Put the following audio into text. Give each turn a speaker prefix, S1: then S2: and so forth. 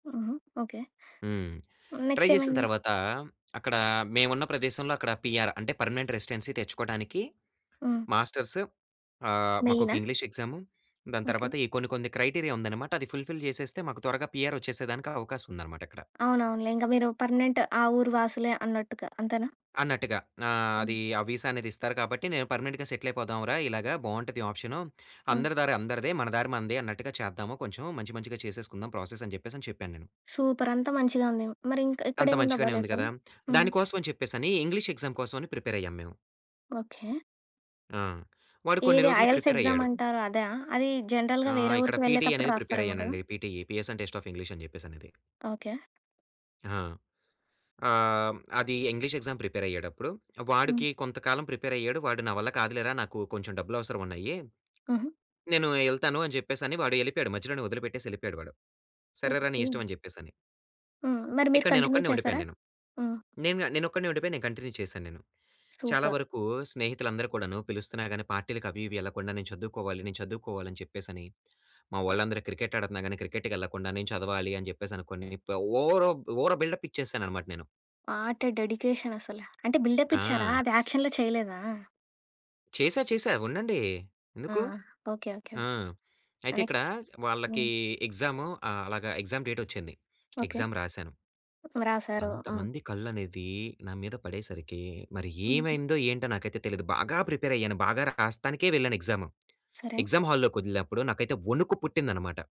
S1: హుహు. ఓకే.
S2: హ్మ్. Try
S1: next
S2: చేసిన
S1: ఏమైంది?
S2: తర్వాతా, అక్కడ మేవున్న ప్రదేశంలో అక్కడ పీఆర్ అంటే పర్మనెంట్ రెసిడెన్సీ తెచ్చుకోడానికి
S1: హ్మ్.
S2: మాస్టర్స్ ఆహ్, మాకొక
S1: మెయినా?
S2: ఇంగ్లీషు ఎగ్జాము దాని
S1: ఓకే.
S2: తర్వాత ఈ కొన్ని కొన్ని క్రైటీరియా ఉందనమాట. అది ఫుల్‌‌ఫిల్ చేసేస్తే, మాకు త్వరగా పీఆర్ వచ్చేసేదానికి అవకాశం ఉందనమాట ఇక్కడ.
S1: అవునవునులే. ఇంకా మీరు పర్మనెంట్. ఆ ఊరు వాసులే అన్నట్టుగా అంతేనా?
S2: అన్నట్టుగా. ఆహ్,
S1: అవును.
S2: అది ఆ విసా అనేది ఇస్తారు కాబట్టి, నేను పర్మనెంట్‌గా సెటిల్ అయిపోదాం రా! ఇలాగా బావుంటది ఆప్షను.
S1: ఆ!
S2: అందరి దారి అందరిదే. మన దారి మనదే అన్నట్టుగా చేద్దాము కొంచెము మంచి మంచిగా చేసేసుకుందాం ప్రాసెసని జెప్పేసని చెప్పాను నేను.
S1: సూపర్. అంతా మంచిగా ఉంది. మరి ఇంక
S2: అంత
S1: ఇక్కడేముంది అబ్బా
S2: మంచిగానే ఉంది
S1: లెసాన్
S2: కదా!
S1: హ్మ్.
S2: దాని కోసమని చెప్పేసని ఇంగ్లీష్ ఎగ్జామ్ కోసమని ప్రిపేర్ అయ్యాము మేము.
S1: ఓకే.
S2: ఆ! వాడు కొన్ని
S1: ఏది
S2: రోజులు
S1: ఐఎల్స్
S2: ప్రిపేరయ్యాడు.
S1: ఎగ్జామంటారు. అదా? అది జనరల్‌గా వేరే
S2: ఆహ్, ఇక్కడ
S1: ఊరికి
S2: పీటీ
S1: వెళ్ళేతప్పుడు
S2: అనేది ప్రిపేర్
S1: రాస్తారేమో కదా!
S2: అయ్యానండి. PT EPS and test of English అని జెప్పేసనేది.
S1: ఓకే.
S2: ఆ! ఆహ్, హ్మ్, అది ఇంగ్లీష్ ఎగ్జామ్ ప్రిపేర్ అయ్యేటప్పుడు
S1: హ్మ్.
S2: వాడికి కొంత కాలం ప్రిపేర్ అయ్యాడు. వాడు "నా వల్ల కాదులేరా. నాకు కొంచెం డబ్బులు అవసరం ఉన్నయి.
S1: హుహు.
S2: నేను యెళ్తాను" అని చెప్పేసని వాడు యెళ్ళిపోయాడు. మధ్యలోనే వదిలిపెట్టేసి యెళ్ళిపోయాడు వాడు. సరేరా నీ
S1: ఓకే.
S2: ఇష్టమని చెప్పేసని.
S1: హ్మ్. మరి మీరు
S2: ఇక్కడ
S1: కంటిన్యూ
S2: నేనొక్కడినే
S1: చేసారా?
S2: ఉండిపోయాను నేను.
S1: హ్మ్.
S2: నేనుగా నేనొక్కడినే ఉండిపోయి నేను కంటిన్యూ చేశాను నేను. చాలా
S1: సూపర్.
S2: వరకు స్నేహితులు అందరు కూడాను పిలుస్తున్నా గాని పార్టీలకి అవి ఇవి యెళ్ళకుండా నేను చదువుకోవాలి, నేను చదువుకోవాలి అని చెప్పేసని. మా
S1: [unintelligible]
S2: వోళ్ళందరూ క్రికెట్ ఆడుతన్న గాని, క్రికెట్‌కెళ్ళకుండా నేను చదవాలి అని చెప్పేసనుకొని, ఓవరో ఓవర్ బిల్డప్ ఇచ్చేసాననమాట నేను.
S1: వాటే డెడికేషనసల. అంటే బిల్డప్ ఇచ్చారా?
S2: ఆ!
S1: అది యాక్షన్‌లో చేయలేదా?
S2: చేశా చేశా ఉండండి.
S1: ఆ!
S2: ఎందుకు?
S1: ఓకే, ఓకే,
S2: ఆ!
S1: ఓకే.
S2: అయితే ఇక్కడ
S1: నెక్స్ట్
S2: వాళ్లకి
S1: హ్మ్.
S2: ఎగ్జాము ఆహ్, అలాగా ఎగ్జామ్ డేటొచ్చింది.
S1: ఓకే.
S2: ఎగ్జామ్ రాసాను.
S1: వ్రాసారు. ఆ!
S2: అంతమంది కళ్ళనేది నా మీద పడేసరికి మరి
S1: హుహు.
S2: ఏమైందో ఏంటో నాకైతే తెలీదు. బాగా ప్రిపేరయ్యాను, బాగా రాస్తానికే వెళ్ళాను ఎగ్జామ్.
S1: సరే.
S2: ఎగ్జామ్ హాల్లోకి వదిలినప్పుడు నాకైతే వణుకు పుట్టిందనమాట.